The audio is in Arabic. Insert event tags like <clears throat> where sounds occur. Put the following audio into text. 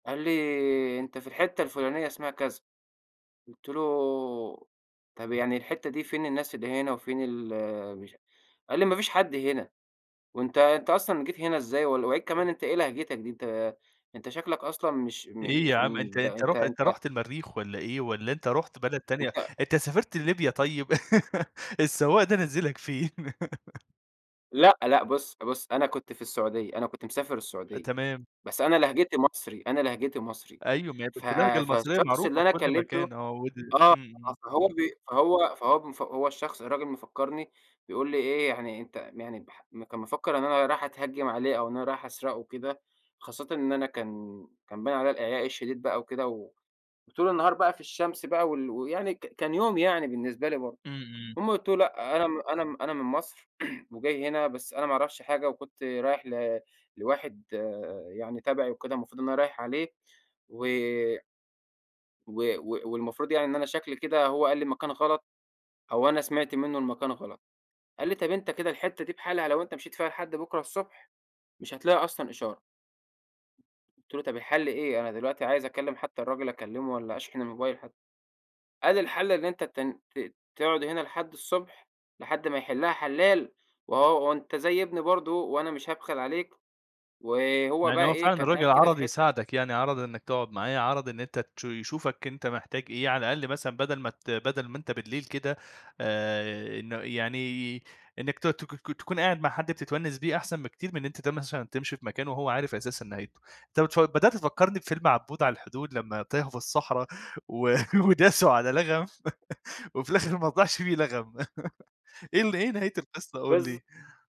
قال لي: "أنت في الحتة الفلانية اسمها كذا." قُلت له: "طَب يعني الحتة دي فين الناس اللي هنا، وفين ال" <unintelligible> قال لي: "ما فيش حد هنا، وأنت أنت أصلًا جيت هنا إزاي؟ و <unintelligible> كمان أنت إيه لهجتك دي؟ أنت أنت شكلك أصلًا مش م إيه يا مش عم أنت من أنت أنت رُح أنت" أنت رُحت المريخ والّا إيه؟ والّا أنت رُحت بلد تانية أنت أنت سافرت لليبيا طيب؟ <laughs> السواق ده نزلك فين؟ <laughs> لأ، لأ، بُص، بُص أنا كنت في السعودية، أنا كنت مسافر السعودية تمام. بس أنا لهجتي مصري، أنا لهجتي مصري، أيوه <unintelligible> ف اللهجة آآ، المصرية فالشخص اللي معروفة في أنا كل كلمته مكان آه، ود آه إمم، إمم. فهو بي فهو فهو هو الشخص الراجل مفكرني بيقول لي إيه يعني أنت يعني ب كان مِفكّر إن أنا رايح أتهجم عليه أو إن أنا رايح أسرقه وكده خاصةً إن أنا كان كان باين عليَّ الإعياء الشديد بَقى وكده، و وطول النهار بَقى في الشمس بَقى وال ويعني ك كان يوم يعني بالنسبة لي برضه، إمم، إمم. المهم قلت له لأ أنا م أنا م أنا من مصر <clears throat> وجاي هنا بس أنا ما اعرفش حاجة وكنت رايح ل لواحد آآ، يعني تبعي وكده المفروض إن أنا رايح عليه و و و والمفروض يعني إن أنا شكلي كده هو قال لي المكان غلط، أو أنا سمعت منه المكان غلط، قال لي: "طيب أنت كده الحتة دي بحالها لو أنت مشيت فيها لحد بُكرة الصبح مش هتلاقي أصلًا إشارة." قلت له: "طب الحل إيه؟ أنا دلوقتي عايز أكلم حتى الراجل أكلمه، والّا أشحن الموبايل حتى." قال: "الحل إن أنت ت ت تقعد هنا لحد الصبح، لحد ما يحلها حلّال، وآه وأنت زي ابني برضه، وأنا مش هابخل عليك" وهو يعني بَقي هو فعلًا إيه كان قاعد الراجل كده في عَرَض حتة يساعدك يعني، عَرَض إنك تقعد معاه، عَرَض إن أنت تش يشوفك أنت محتاج إيه على الأقل مثلًا بدل ما ت بدل ما أنت بالليل كده آآ، إنه يعني إنك ت تك تكون قاعد مع حد بتتونس بيه أحسن بكتير من أنت <unintelligible> تمشي في مكان وهو عارف أساسًا نهايته. أنت بتف بدأت تفكرني بفيلم عبود على الحدود لما تاهوا في الصحرا، و <laughs> وداسوا على لغم <laughs> وفي الآخر ماطلعش فيه لغم. <laughs> إيه ال إيه نهاية القصة قُل بالض لي؟